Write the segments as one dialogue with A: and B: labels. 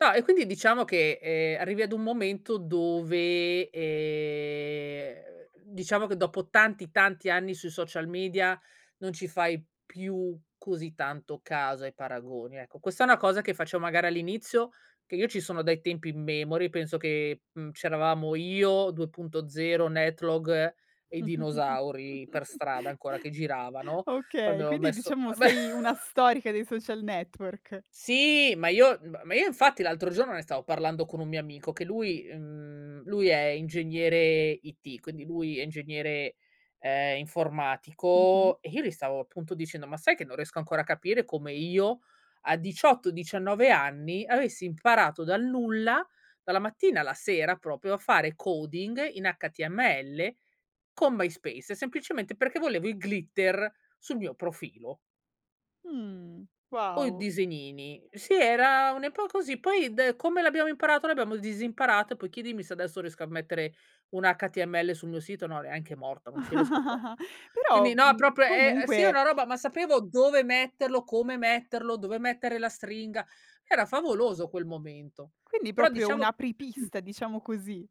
A: No, e quindi diciamo che, ehm, arrivi ad un momento dove, ehm, diciamo che dopo tanti, tanti anni sui social media non ci fai più così tanto caso ai paragoni. Ecco, questa è una cosa che faccio magari all'inizio, che io ci sono dai tempi immemori, penso che, mhmm, c'eravamo io, 2.0, Netlog e i dinosauri per strada ancora che giravano,
B: Okay,
A: quando ho
B: quindi
A: messo
B: diciamo
A: ma
B: sei una storica dei social network?
A: Sì, ma io m ma io infatti l'altro giorno ne stavo parlando con un mio amico che lui, mhmm, lui è ingegnere IT, quindi lui è ingegnere, ehm,
B: Mh-mh.
A: informatico e io gli stavo appunto dicendo: "Ma sai che non riesco ancora a capire come io a 18, 19 anni avessi imparato dal nulla, dalla mattina alla sera, proprio a fare coding in html con MySpace," semplicemente perché volevo i glitter sul mio profilo.
B: Mh,
A: O i
B: wow!
A: disegnini. Sì era un'epo così, poi de come l'abbiamo imparato l'abbiamo disimparato e poi chiedimi se adesso riesco a mettere un HTML sul mio sito, no neanche morta, non ci riesco proprio.
B: Però,
A: Quindi no,
B: mhmm,
A: proprio è è sì, è
B: comunque
A: una roba, ma sapevo dove metterlo, come metterlo, dove mettere la stringa. Era favoloso quel momento,
B: Quindi
A: però
B: proprio
A: diciamo
B: un apripista, diciamo così.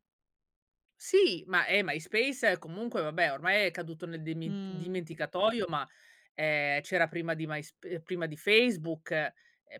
A: Sì, ma eh, MySpace comunque vabbè ormai è caduto nel demint
B: Mh.
A: dimenticatoio ma, ehm, c'era prima di MySp ehm, prima di Facebook. Ehm,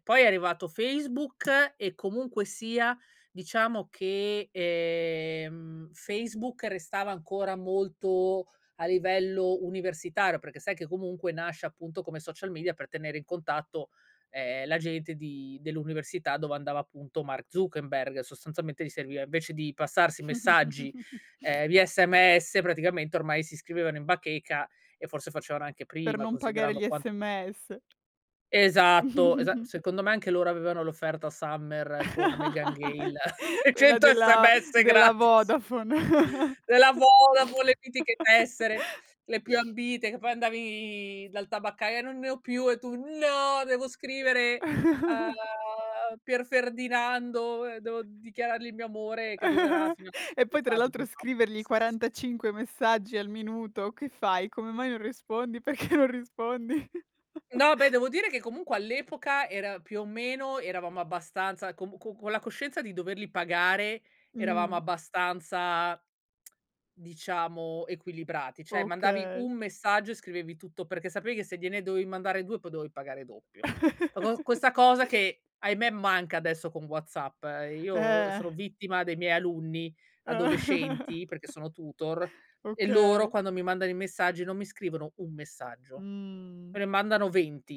A: poi è arrivato Facebook e comunque sia diciamo che, ehm, Facebook restava ancora molto a livello universitario perché sai che comunque nasce appunto come social media per tenere in contatto, ehm, la gente di dell'università dove andava appunto Mark Zuckerberg. Sostanzialmente gli serviva invece di passarsi messaggi, ehm, via sms praticamente ormai si iscrivevano in bacheca e forse facevano anche
B: Per
A: prima
B: non pagare
A: considerando
B: gli
A: quan
B: SMS.
A: Esatto, esatto. Secondo me anche loro avevano l'offerta Summer con Meghan Gale e
B: Quella
A: 100
B: della
A: SMS
B: della
A: gratis.
B: Vodafone.
A: Della Vodafone le mitiche tessere, le più ambite che poi andavi dal tabaccaio e "non ne ho più" e tu: "No, devo scrivere a Pierferdinando, ehm, devo dichiarargli il mio amore che durerà fino a
B: E poi tra
A: d'estate poi
B: l'altro
A: ciao."
B: scrivergli 45 messaggi al minuto: "Che fai? Come mai non rispondi? Perché non rispondi?"
A: No beh, devo dire che comunque all'epoca era più o meno eravamo abbastanza com co con la coscienza di doverli pagare eravamo
B: Mh.
A: abbastanza diciamo equilibrati. Cioè mandavi
B: Okay.
A: un messaggio e scrivevi tutto, perché sapevi che se gliene dovevi mandare 2 poi dovevi pagare doppio. Co co questa cosa che, ahimè, manca adesso con WhatsApp, ehm, io
B: Eh.
A: sono vittima dei miei alunni adolescenti, perché sono tutor, e loro
B: Okay.
A: quando mi mandano i messaggi non mi scrivono un messaggio.
B: Mh.
A: Me ne mandano 20.